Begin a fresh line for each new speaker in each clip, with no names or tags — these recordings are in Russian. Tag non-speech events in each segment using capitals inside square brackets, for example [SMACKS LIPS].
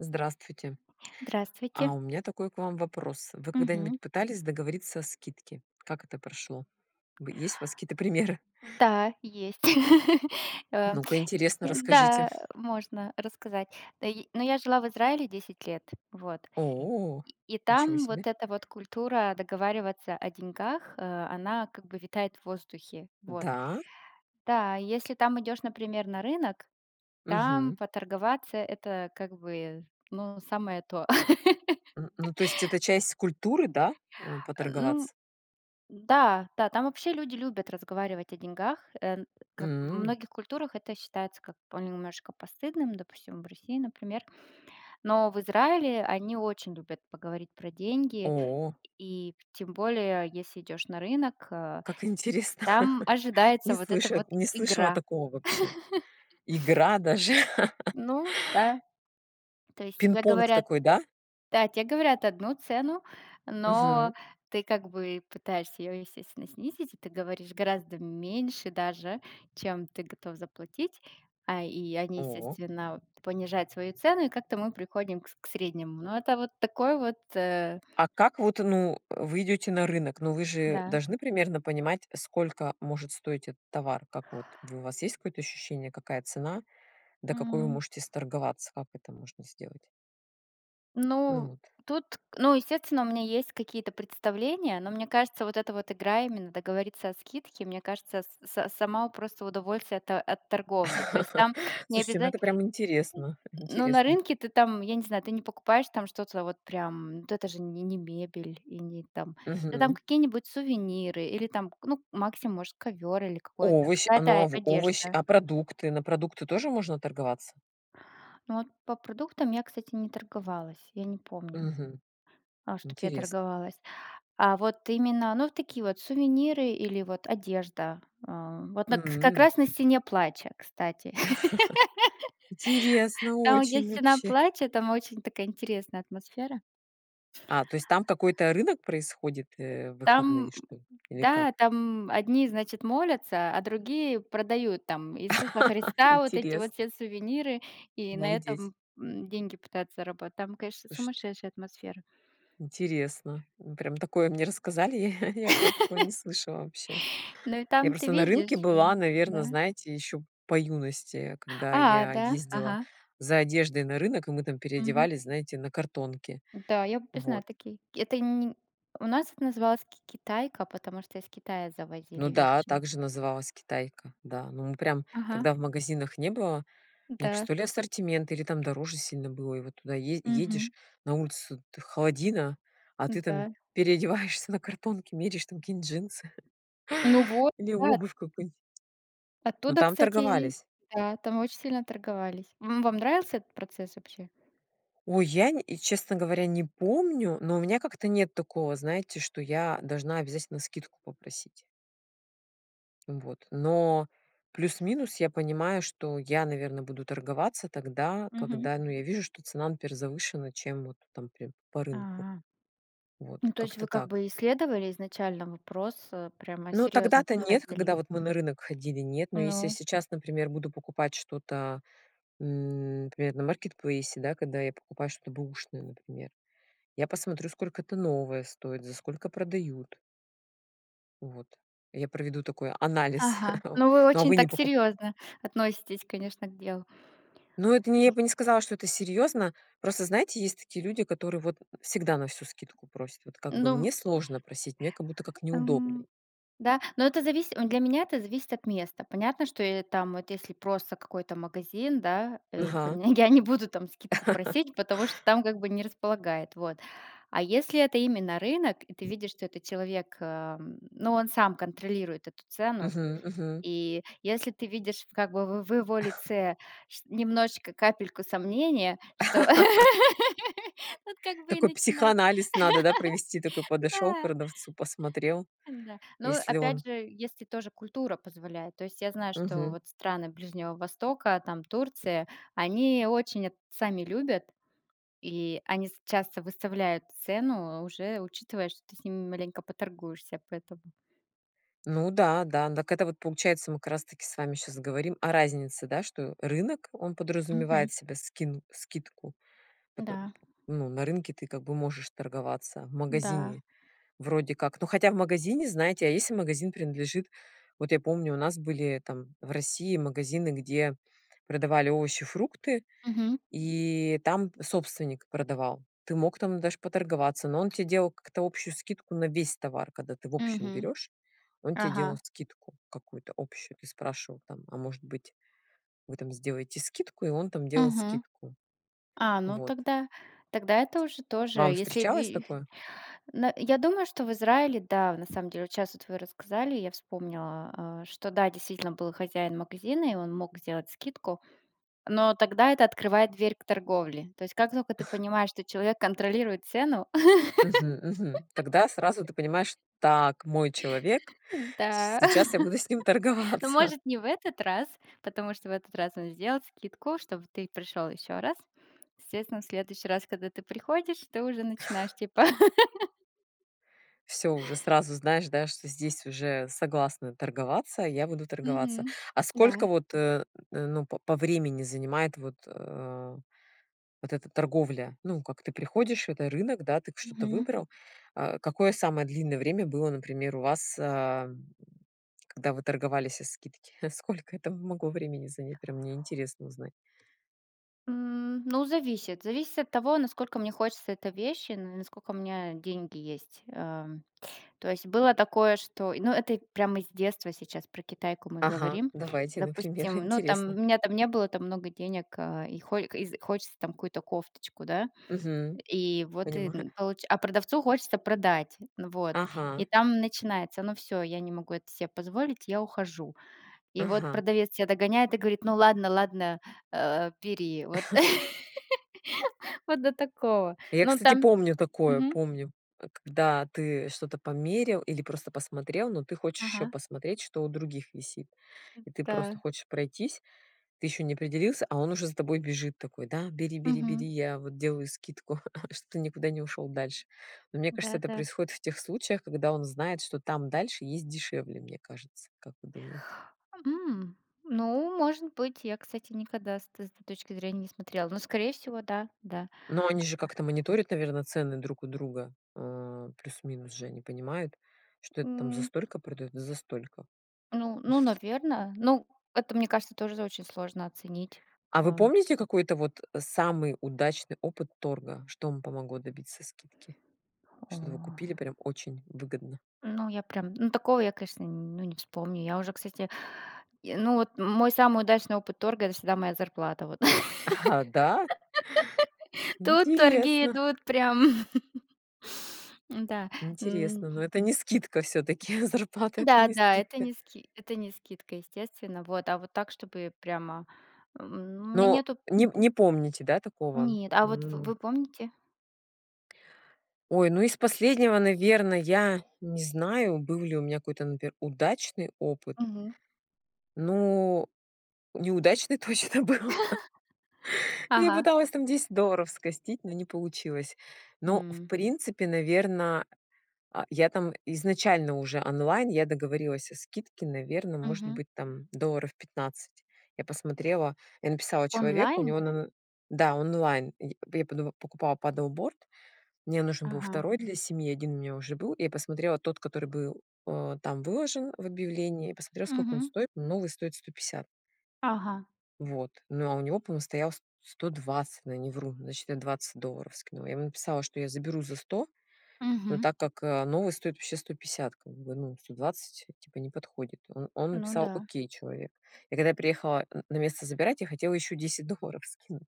Здравствуйте. А
Здравствуйте.
у меня такой к вам вопрос. Вы
Мгм.
когда-нибудь пытались договориться о скидке? Как это прошло? Вы есть у вас какие-то примеры?
Да, есть. [LAUGHS] Э,
Ну-ка интересно, расскажите.
да, можно рассказать. Э, и но я жила в Израиле 10 лет, вот.
О,
И и
ничего
там вот
себе.
эта вот культура договариваться о деньгах, э, она как бы витает в воздухе, вот.
Да?
Да, и если там идешь, например, на рынок, там
Мгм.
поторговаться- это как бы, ну, самое то.
М, ну,
[LAUGHS]
то есть это часть культуры, да? А,
Ну.
поторговаться?
Да. Да. Там вообще люди любят разговаривать о деньгах, э, как в
М.
многих культурах- это считается как бы немножко постыдным, допустим, в России, например. Но в Израиле они очень любят поговорить про деньги.
О.
И тем более, если идёшь на рынок, э,
Как интересно.
там
[CHUCKLES]
ожидается
Не
вот эта
слыша
вот
не слышала
игра.
такого вообще.
[CHUCKLES]
Игра даже. [CHUCKLES]
Ну да. То есть тебе
Пинг-понг
говорят
такой, да?
Да, тебе говорят одну цену, но
Мгм.
ты как бы пытаешься её, естественно, снизить, и ты говоришь гораздо меньше даже, чем ты готов заплатить, а, и они,
О.
естественно, понижают свою цену, и как-то мы приходим к с к среднему. Но это вот такой вот, э
А как вот, ну, вы идёте на рынок, ну, вы же
Да.
должны примерно понимать, сколько может стоить этот товар? Как вот, вы вас есть какое-то ощущение, какая цена, до какой вы
М.
можете сторговаться? Как это можно сделать? Ну,
Ну
вот.
тут, ну, естественно, у меня есть какие-то представления, но, мне кажется, вот эта вот игра именно договориться о скидке, мне кажется, с са сама, у, просто удовольствие от от торговли. То есть
[CHUCKLES]
там не
Слушайте, ну
обяза
это прям интересно.
Ну, на
Интересно.
рынке ты там, я не знаю, ты не покупаешь там что-то вот прям, вот это же не не мебель, и не там, это там
Мгм.
какие-нибудь сувениры или там, к ну, максимум может, ковер или какое-то,
Овощ а, ну, а
какая-то
в овощ
одежда.
А продукты? На продукты тоже можно торговаться?
Ну, вот по продуктам я, кстати, не торговалась, я не помню,
Мгм.
а, что б я
Интересно.
торговалась. А вот именно, ну, такие вот сувениры или вот одежда. А, вот на к как
М.
раз на Стене Плача, кстати.
[CHUCKLES] Интересно,
[LAUGHS] Там есть
очень,
Стена
вообще.
Плача, там очень такая интересная атмосфера.
А, то есть там какой-то рынок происходит, э, в выходные
Там,
что ли? Или как?
да, там одни, значит, молятся, а другие продают там Иисуса
[LAUGHS]
Христа, вот эти
Интерес
вот все сувениры, и на
Обалдеть.
этом, м, деньги пытаются заработать. Там, конечно,
Слушайте.
сумасшедшая атмосфера.
Интересно. Ну, прям такое мне рассказали, [CHUCKLES] я я про такое не
[LAUGHS]
слышала вообще.
Но и
Я
там ты
просто на
видишь
рынке
же,
была, наверное,
да.
знаете, ещё по юности, когда
А,
я
да?
ездила
Ага.
за одеждой на рынок, и мы там
Мгм.
переодевались, знаете, на картонке.
Да, я бы познай
Вот.
такие, это ни У нас их называлось ки китайка, потому что из Китая
Ну
завозили
да,
вещи.
также называлась- китайка. Да, ну мы прям
Ага.
тогда в магазинах не было, мне кажется,
Да.
то ли ассортимент, или там дороже сильно было, и вот туда е
Мгм.
едешь, на улицу т холодина, а ты там
Да.
переодеваешься на картонке, меряешь там какие-нибудь джинсы.
Ну, вот,
Или
да.
обувь какую-нибудь. Но
Оттуда,
там
кстати,
торговались.
да, там очень сильно торговались. М, вам нравился этот процесс вообще?
Ой, я нь и честно говоря не помню, но у меня как-то нет такого, знаете, что я должна обязательно скидку попросить. Ну, вот. Но плюс-минус я понимаю, что я, наверное, буду торговаться тогда,
Мгм.
когда, ну, вижу, что цена, например, завышена, чем вот там, например, по рынку.
А.
Вот.
Ну, то есть
Как-то
вы как
так.
бы исследовали изначально вопрос, э, прямо
Ну,
серьёзно
тогда-то, нет,
подходили?
когда вот мы на рынок ходили, нет, но если
Ну.
сейчас, например, буду покупать что-то, м, например, на маркетплейсе, да, когда я покупаю что-то бэушное, например, я посмотрю, сколько это новое стоит, за сколько продают. Вот. Я проведу такой анализ.
Ага.
[CHUCKLES]
Ну, вы
Ну, а
очень
вы не
так
покуп
серьёзно относитесь, конечно, к делу.
Ну, это не я бы не сказала, что это серьёзно. Просто, знаете, есть такие люди, которые вот всегда на всю скидку просят. Вот как бы
Ну
мне сложно просить, мне как будто как неудобно.
Эм, да, но это зависит, вот для меня это зависит от места. Понятно, что я там вот, если просто какой-то магазин, да, э,
Ага.
панег я не буду там скидку
[CHUCKLES]
просить, потому что там как бы не располагает, вот. А если это именно рынок, и ты видишь, что этот человек, эм, ну, он сам контролирует эту цену.
Мгм. Мгм.
И если ты видишь как бы в в его
[CHUCKLES]
лице ш немножечко капельку сомнения, что
[LAUGHS]
[LAUGHS] вот как бы и
Такой
начинать.
психоанализ надо, да, провести? Такой
[CHUCKLES]
подошёл к
Да.
продавцу, посмотрел.
Да. Но
Если он
опять же, если тоже культура позволяет. То есть, я знаю, что
Мгм.
вот страны Ближнего Востока, там, Турция, они очень это сами любят, и они с часто выставляют цену, уже учитывая, что ты с ними маленько поторгуешься, поэтому.
Ну да, да. Так это вот получается, мы как раз таки с вами сейчас говорим о разнице, да? Что рынок, он
Мгм.
подразумевает себе скин скидку потом,
Да.
ну, на рынке ты как бы можешь торговаться, в
Да.
магазине вроде как. Ну, хотя в магазине, знаете, а если магазин принадлежит, вот я помню, у нас были там в России магазины, где продавали овощи, фрукты,
Мгм.
и там собственник продавал. Ты мог там даже поторговаться, но он тебе делал как-то общую скидку на весь товар. Когда ты в общем
Мгм.
берёшь, он тебе делал
Ага.
скидку какую-то общую. Ты спрашивал там: "А может быть вы там сделаете скидку?" И он там делал
Мгм.
скидку.
А, ну
Вот.
тогда, тогда это уже тоже
Вам
если
встречалось
ви
такое?
ну, я думаю, что в Израиле, да, на самом деле, вот щас вы рассказали, я вспомнила, а, что, да, действительно был хозяин магазина, и он мог сделать скидку. Но тогда это открывает дверь к торговле. То есть, как только ты
[CHUCKLES]
понимаешь, что человек контролирует цену.
Мгм. Мгм. Тогда сразу ты
[LAUGHS]
понимаешь: "Так, мой человек,
Да.
сейчас я
[CHUCKLES]
буду с ним
Ну,
торговаться."
может, не в этот раз, потому что в этот раз он сделал скидку, чтобы ты пришёл ещё раз. Естественно, в следующий раз, когда ты приходишь, ты уже начинаешь типа [LAUGHS]
Всё, уже сразу знаешь, да, что здесь уже согласны торговаться, я буду торговаться.
Мгм.
А сколько
Да.
вот, э э, ну, п по времени занимает вот, э, вот эта торговля? Ну, как ты приходишь, это рынок, да, ты что-то
Мгм.
выбрал? А какое самое длинное время было, например, у вас, ам, когда вы торговались о скидке? Сколько это могло времени занять? Прям мне интересно узнать.
М, ну, зависит. Зависит от того, насколько мне хочется этой вещи, ну, и насколько у меня деньги есть. Эм, то есть было такое, что и ну, и это и прямо из детства сейчас, про Китайку мы
Ага,
говорим.
давайте, например,
Допустим, ну, там
интересно.
у меня там не было там много денег, а и хо из хочется там какую-то кофточку, да,
Мгм.
и вот и
Понимаю.
получ а продавцу хочется продать, ну вот, и
Ага.
там начинается: "Ну всё, я не могу это себе позволить, я ухожу". И вот
Ага.
продавец тебя догоняет и говорит: "Ну ладно ладно, а, бери, вот".
[CHUCKLES]
[LAUGHS] Вот до такого.
Я,
Ну,
кстати,
там,
помню такое,
мгм.
помню. Когда ты что-то померил или просто посмотрел, но ты хочешь ещё
Ага.
посмотреть, что у других висит.
М.
И ты просто
Да.
хочешь пройтись, ты ещё не определился, а он уже за тобой бежит такой: "Да, бери бери бери,
Мгм.
я вот делаю скидку, [CHUCKLES] чтобы ты никуда не ушёл дальше". Но мне кажется,
Да,
это
да.
происходит в тех случаях, когда он знает, что там дальше есть дешевле, мне кажется. Как вы думаете?
М, ну, может быть. Я, кстати, никогда с этой з точки зрения не смотрела. Но скорее всего, да, да.
Но они же
А
как-то мониторят, наверно, цены друг у друга. Э, плюс минус же они понимают, что это там за
М.
столько продаётся, за столько.
Ну, ну,
[CHUCKLES]
наверное. Ну, это, мне кажется, тоже очень сложно оценить.
А вы
Эм.
помните какой-то вот самый удачный опыт торга? Что вам помогло добиться скидки? Что-то вы
О.
купили прям очень выгодно.
Ну, я прям ну такого я, конечно, ну, не вспомню. Я уже, кстати, и, ну, вот мой самый удачный опыт торга это всегда моя зарплата вот.
Аха, да?
[LAUGHS] Тут торги
Интересно.
идут прям. [LAUGHS] Да. М.
Интересно. Но это не скидка всё-таки. Зарплата это
Да,
не
да, это
скидка.
не ски это не скидка, естественно. Вот, а вот так, чтобы прямо, м, у меня
Но
нету.
неп не помните, да, такого?
Нет, а вот в
М.
вы помните?
Ой, ну, из последнего, наверно, я не знаю, был ли у меня какой-то, например, удачный опыт.
Мгм.
Но, неудачный точно был. [CHUCKLES]
[LAUGHS]
Ну, я
Ага.
пыталась там 10 долларов скостить, но не получилось. Но, в
М.
принципе, наверно, а, я там изначально уже онлайн, я договорилась о скидке, наверно, может
Мгм.
быть, там долларов 15. Я посмотрела, я написала человеку, у
Онлайн?
него на н да, онлайн, и я п я подума покупала Paddle Board, мне нужен был
Ага.
второй для семьи, 1 у меня уже был, и я посмотрела тот, который был, а, там выложен в объявлении, посмотрела сколько он
Мгм.
стоит, новый стоит 150.
Ага.
Вот, ну, а у него помо стоял с сто двадцать, но я не вру, значит я 20 долларов скинула. Я ему написала, что я заберу за 100, но
Мгм.
так как, а, новый стоит вообще 150, как бы, ну, 120 типа не подходит. Он он
Ну
написал
да.
"окей" человек. И когда я приехала н на место забирать, я хотела ещё 10 долларов скинуть.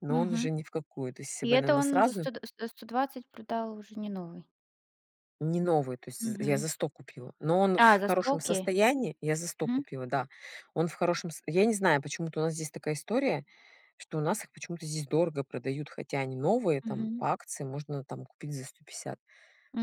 Но он уже
Мгм.
ни в какую. То есть, если
И
бы я,
это
наверно,
он за
сразу
сто да сто сто двадцать продал уже не новый?
Не новый, то есть, з я за
Мгм.
100 купила. Но он
А,
в
за
хорошем
столки.
состоянии. Я за 100
Мгм.
купила, да. Он в хорошем с я не знаю, почему-то у нас здесь такая история, что у нас их почему-то здесь дорого продают, хотя они новые, там
Мгм.
по акции можно там купить за 150.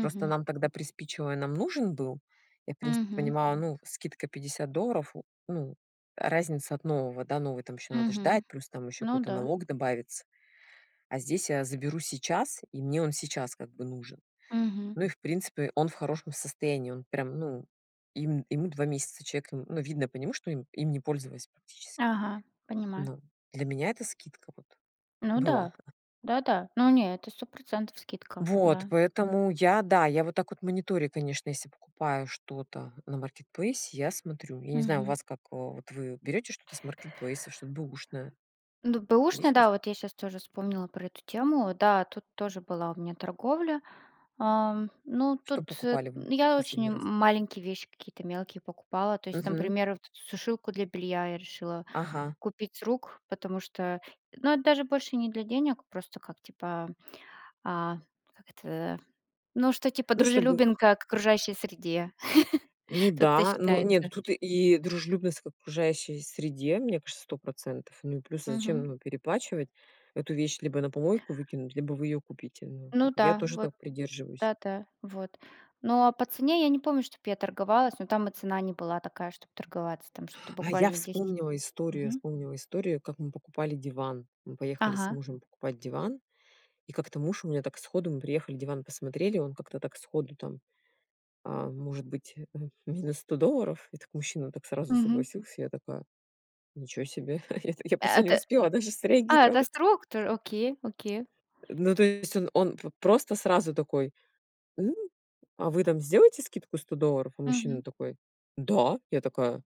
Просто нам тогда приспичило, и нам нужен был. Я, в принципе,
Мгм.
понимала, ну, скидка 50 долларов. Ну, разница от нового, да, новый там ещё надо ждать,
Мгм,
плюс там ещё
ну
какой-то
да.
налог добавится. А здесь я заберу сейчас, и мне он сейчас как бы нужен.
Мгм.
Ну и в принципе, он в хорошем состоянии. Он прям, ну, ем ему 2 месяца, человек, н ну, видно по нему, что им им не пользовались практически.
Ага, понимаю.
Но для меня это скидка вот
Ну
была.
да,
[CHUCKLES]
да-да, но не, это 100 % скидка.
Вот
Да.
поэтому я- да, я вот так вот мониторю, конечно, если покупаю что-то на маркетплейсе- я смотрю. Я не знаю, у
Мгм.
вас как, вот вы берёте что-то с маркетплейса, что-то б/ушное.
Ну
Есть
бэушный,
у вас?
да, вот я сейчас тоже вспомнила про эту тему, да, тут тоже была у меня торговля. Ам, ну,
Что
тут эт
покупали вы,
я
последний
очень
раз?
маленькие вещи какие-то мелкие покупала. То есть,
Мгм.
например, вот эту сушилку для белья я решила
Ага.
купить с рук, потому что, ну, это даже больше не для денег, просто как, типа, а, как это, ну, что типа
Ну, чтобы.
дружелюбен ка к окружающей среде.
Ну
[CHUCKLES] Тут это
да. Ну нет, ну,
считается.
тут и дружелюбность к окружающей среде, мне кажется, 100 %. Ну, и плюс, а зачем,
Мгм.
ну, переплачивать? Эту вещь либо на помойку выкинут, либо вы её купите. Ну, как.
Ну
Я
да,
тоже
вот
так придерживаюсь.
да, да. Вот. Ну а по цене я не помню, чтобы я торговалась, но там и цена не была такая, чтобы торговаться. Там что-то
А я
буквально 10.
вспомнила историю, я
Мгм.
вспомнила историю, как мы покупали диван. Мы поехали с
Ага.
мужем покупать диван, и как-то муж у меня так сходу, мы приехали диван посмотрели, он как-то так сходу там, ам, может быть, э э, минус 100 долларов, и так мужчина так сразу
Мгм.
согласился, я такая: "Ничего себе". [CHUCKLES] Я
А
просто не
это,
успела даже
а это с
среагировать.
рук тож окей окей.
Ну, то есть, он он п просто сразу такой: "М, а вы там сделаете скидку 100 долларов?" А мужчина
Мгм.
такой: "Да". Я такая: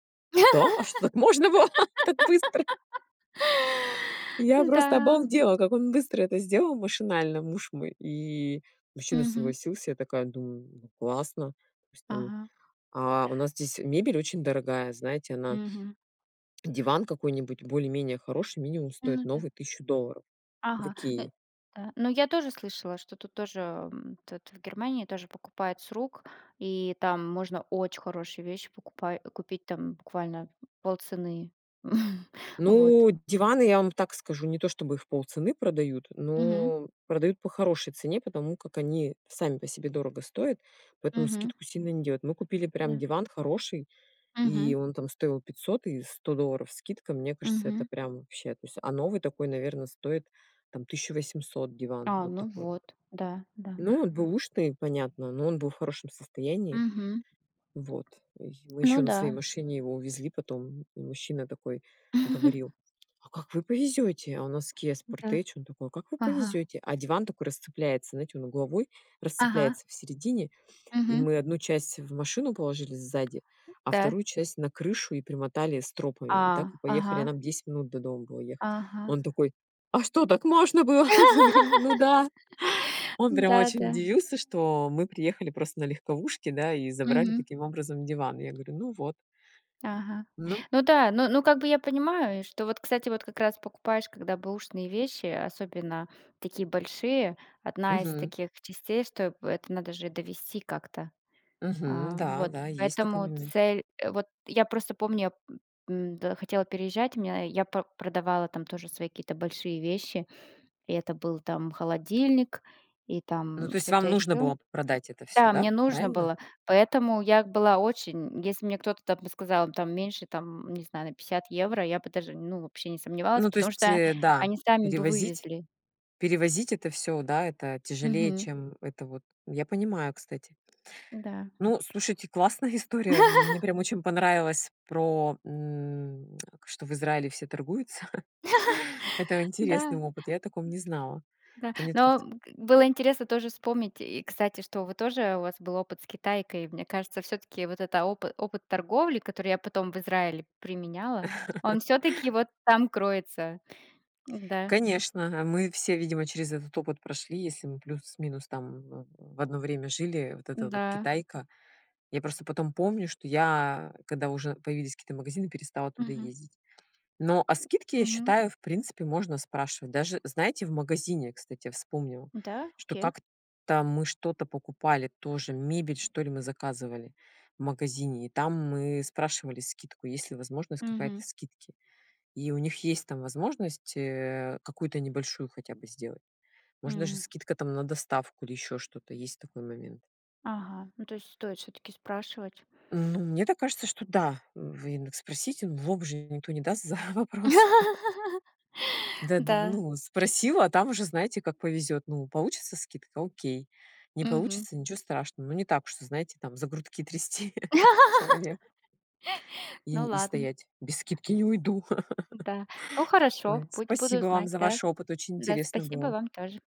"Да? А что так можно было? Так быстро?"
[LAUGHS]
Я просто
Н-да.
обалдела, как он быстро это сделал машинально, муж мой. И мужчина
Мгм.
согласился. Я такая думаю: "Ну, классно". Пусть там,
Ага.
а, у нас здесь мебель очень дорогая. Знаете она
Мгм.
диван какой-нибудь более-менее хороший минимум
М,
стоит
ну да.
новый 1 000 долларов. В
Ага, ну
"Икее".
ну я тоже слышала, что тут тоже, м, тут в Германии тоже покупают с рук, и там можно очень хорошие вещи покупай купить там буквально в полцены. [CHUCKLES] Вот.
Ну, диваны, я вам так скажу, не то, чтобы в полцены продают,
Мгм.
но продают по хорошей цене, потому как они сами по себе дорого стоят, поэтому
Мгм.
скидку сильно не делают. Мы купили прям
Да.
диван хороший, и
Мгм.
он там стоил 500 и 100 долларов скидка. Мне кажется, это
Мгм.
прям вообще. То есть, а новый такой, наверно, стоит там 1 800 диван.
А,
Вот
ну
такой вот.
вот, да, да.
Ну, он бэушный понятно, но он был в хорошем состоянии.
Мгм.
Вот. И мы
Ну
ещё на своей
да.
машине его увезли потом. Мужчина такой говорил: "А как вы повезёте?" А у нас KIA
Да.
Sportage. Он такой: "А как вы
Ага.
повезёте?" А диван такой расцепляется, знаете, он угловой
Ага.
расцепляется в середине. И
Мгм.
мы одну часть в машину положили сзади, а
Да.
вторую часть на крышу и примотали стропами. И
А.
так и поехали. А
Ага.
нам 10 минут до дома было ехать.
Ага.
Он такой: "А что, так можно было?" Мы говорим: "Ну да".
[LAUGHS]
Он прям
Да,
очень
да.
удивился, что мы приехали просто на легковушке, да, и забрали
Мгм.
таким образом диван. Я говорю: "Ну, вот".
Ага,
Ну.
ну да, ну ну как бы я понимаю, что вот, кстати, вот как раз покупаешь когда бэушные вещи, особенно такие большие, одна из
Мгм.
таких частей, что это надо же довести как-то.
Мгм,
А
да
вот
да есть такой
поэтому
момент.
цель вот я просто помню, м-да, хотела переезжать, меня я по продавала там тоже свои какие-то большие вещи, и это был там холодильник и
Ну,
там
то есть
что-то
вам нужно
ещё.
было продать это всё,
Да,
да?
мне нужно
Правильно?
было. Поэтому я была очень если мне кто-то там бы сказал там меньше там, не знаю, на 50 евро, я бы даже, ну, вообще не сомневалась,
Ну, то
потому
есть,
что
э, да,
они сами бы
перевозить
вывезли.
перевозить это всё, да, это тяжелее,
Мгм.
чем это вот я понимаю, кстати.
Да.
Ну, слушайте, классная история. Мне
[LAUGHS]
прям очень понравилось про, м, [SMACKS LIPS] что в Израиле все торгуются. [CHUCKLES] Это
[LAUGHS]
интересный
Да.
опыт, я о таком не знала.
Да.
Ко мне-то как-то
Но было интересно тоже вспомнить. И, кстати, что вы тоже у вас был опыт с Китайкой. Мне кажется, всё-таки вот этот опы опыт торговли, который я потом в Израиле применяла, он
[LAUGHS]
всё-таки вот там кроется. Да.
Конечно, мы все, видимо, через этот опыт прошли, если мы плюс-минус там в в одно время жили, вот эта вот
Да.
Китайка. Я просто потом помню, что я, когда уже появились какие-то магазины, перестала туда
Мгм.
ездить. Но о скидке, я
Мгм.
считаю, в принципе можно спрашивать. Даже, знаете, в магазине, кстати, я вспомнила,
Да,
что
окей.
как-то мы что-то покупали, тоже мебель, что ли, мы заказывали в магазине, и там мы спрашивали скидку, есть ли возможность какая-то
Мгм.
скидки. И у них есть там возможность, э, какую-то небольшую хотя бы сделать. Можно даже
М.
скидка там на доставку или ещё что-то, есть такой момент.
Ага, ну то есть стоит всё-таки спрашивать.
Ну, мне так кажется, что да, вы ин дак спросите, в лоб же никто не даст за вопрос. [LAUGHS]
[LAUGHS]
Даду
Да.
ну, спросил, а там уже знаете, как повезёт. Ну, получится скидка- окей. Не
Мгм.
получится- ничего страшного. Но не так уж, что, знаете, там за грудки трясти [CHUCKLES] человека.
[LAUGHS]
И
Ну
и
ладно.
стоять. "Без скидки не уйду." [LAUGHS]
Да, ну хорошо
Ой,
будь буду
спасибо вам
знать,
за
да.
ваш опыт, очень
Да,
интересно
спасибо
было.
вам тоже.